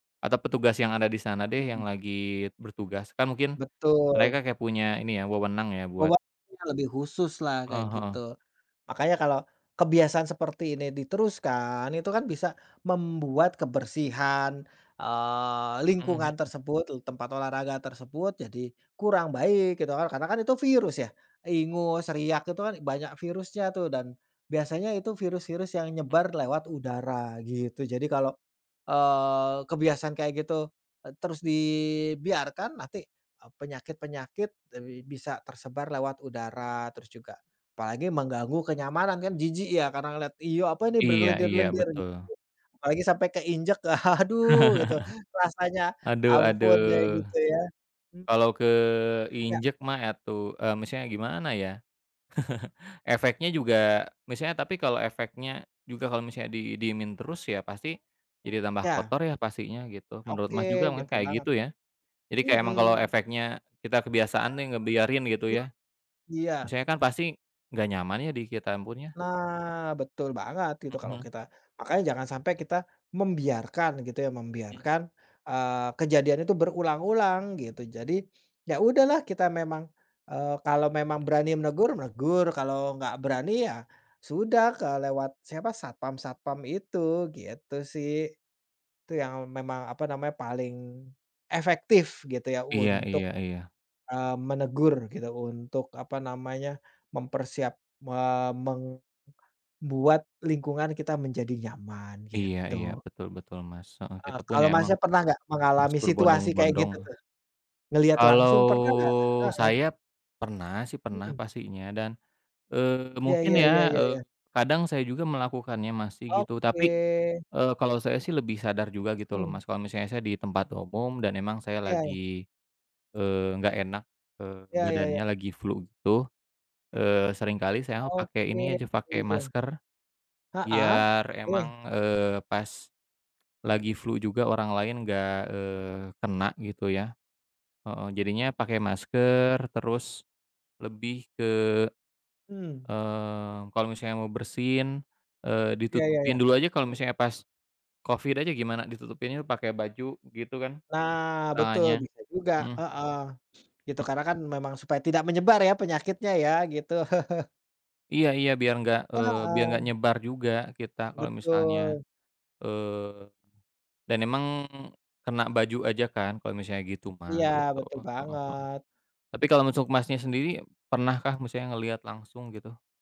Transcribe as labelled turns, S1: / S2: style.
S1: Atau petugas yang ada di sana deh, yang
S2: Mhm.
S1: lagi bertugas kan mungkin
S2: Betul.
S1: mereka kayak punya ini ya, wewenang ya, buat
S2: Obatnya lebih khususlah kayak
S1: Heeh heeh.
S2: gitu. Makanya kalau kebiasaan seperti ini diteruskan itu kan bisa membuat kebersihan, eee,
S1: Mhm
S2: lingkungan
S1: mhm.
S2: tersebut tu tempat olahraga tersebut jadi kurang baik gitu kan, karena kan itu virus ya. Ingus, riak itu kan banyak virusnya tuh dan biasanya itu virus-virus yang
S1: Mmm.
S2: nyebar lewat udara gitu. Jadi kalau, eee, kebiasaan kayak gitu, eee, terus dibiarkan nanti, eee, penyakit-penyakit bi bisa tersebar lewat udara terus juga apalagi mengganggu kenyamanan. Kan jijik ya karena lihat, iyuh, apa ini
S1: Iya iya,
S2: berlendir-lendir gitu,
S1: betul.
S2: apalagi sampai keinjak, aduh, gitu rasanya
S1: Aduh
S2: ampun kayak
S1: aduh.
S2: gitu ya. Mmm.
S1: Kalau
S2: Ya.
S1: keinjak mah atuh, eee, maksudnya gimana ya? Efeknya juga misalnya tapi kalau efeknya juga kalau misalnya didiemin terus ya pasti jadi tambah
S2: Ya.
S1: kotor ya pastinya gitu. Menurut Mas juga
S2: Oke,
S1: makanya
S2: gitu
S1: kayak
S2: banget.
S1: gitu ya. Jadi kayak emang kalo
S2: Mhm.
S1: efeknya kita kebiasaan nih ngebiarin gitu ya,
S2: Iya.
S1: misalnya kan pasti nggak nyaman ya di kita yang punya.
S2: Nah, betul banget itu
S1: Mhm,
S2: kalau
S1: hmm.
S2: kita makanya jangan sampai kita membiarkan gitu ya,
S1: Mmm.
S2: membiarkan, eee, kejadian itu berulang-ulang gitu. Jadi, ya udahlah kita memang eee, kalau memang berani menegur, menegur. Kalau nggak berani ya sudah ke lewat siapa? Satpam-satpam itu, gitu sih. Itu yang memang, apa namanya, paling efektif gitu ya
S1: Iya
S2: untuk,
S1: iya iya.
S2: eee, menegur gitu, untuk apa namanya, mempersiap eee, meng buat lingkungan kita menjadi nyaman
S1: Iya iya,
S2: gitu.
S1: betul betul, Mas. Heeh,
S2: Ah,
S1: kita pun
S2: kalau,
S1: ya emang
S2: Mas-nya pernah nggak
S1: harus
S2: mengalami situasi kayak
S1: berbondong-bondong.
S2: gitu tuh? Ngelihat langsung
S1: Kalau
S2: pernah nggak? Heeh.
S1: saya pernah sih, pernah
S2: Mhm.
S1: pastinya dan, eee,
S2: Ya
S1: mungkin
S2: ya ya
S1: ya,
S2: ya
S1: eee,
S2: ya.
S1: kadang saya juga melakukannya, masih gitu. Tapi,
S2: Oke.
S1: eee, kalau saya sih lebih sadar juga gitu loh,
S2: Mmm.
S1: Mas. Kalo misalnya saya di tempat umum dan emang saya
S2: Ya ya.
S1: lagi, eee, nggak enak, eee,
S2: Ya ya ya.
S1: badannya lagi flu gitu, eee, seringkali saya pakai
S2: Oke,
S1: ini aja, pakai
S2: iya.
S1: masker
S2: Heeh,
S1: biar
S2: oke.
S1: emang, eee, pas lagi flu juga orang lain nggak, eee, kena gitu ya. Heeh, jadinya pakai masker terus lebih ke,
S2: Mmm.
S1: eee, kalau misalnya mau bersin, eee,
S2: Ya ya
S1: ditutupin
S2: ya.
S1: dulu aja kalau misalnya pas covid aja gimana, ditutupinnya pakai baju gitu kan
S2: Nah, betul,
S1: tangannya.
S2: bisa juga,
S1: Mhm.
S2: heeh. Gitu
S1: Mmm.
S2: karena kan memang supaya tidak menyebar ya penyakitnya ya gitu.
S1: Iya iya, biar nggak eee, biar nggak
S2: Heeh.
S1: nyebar juga kita kalau misalnya
S2: Betul.
S1: eee, dan emang kena baju aja kan kalau misalnya gitu mah
S2: Iya,
S1: gitu.
S2: betul
S1: Heeh heeh.
S2: banget.
S1: Tapi kalau untuk, Mas-nya sendiri pernah kah maksudnya ngelihat langsung gitu?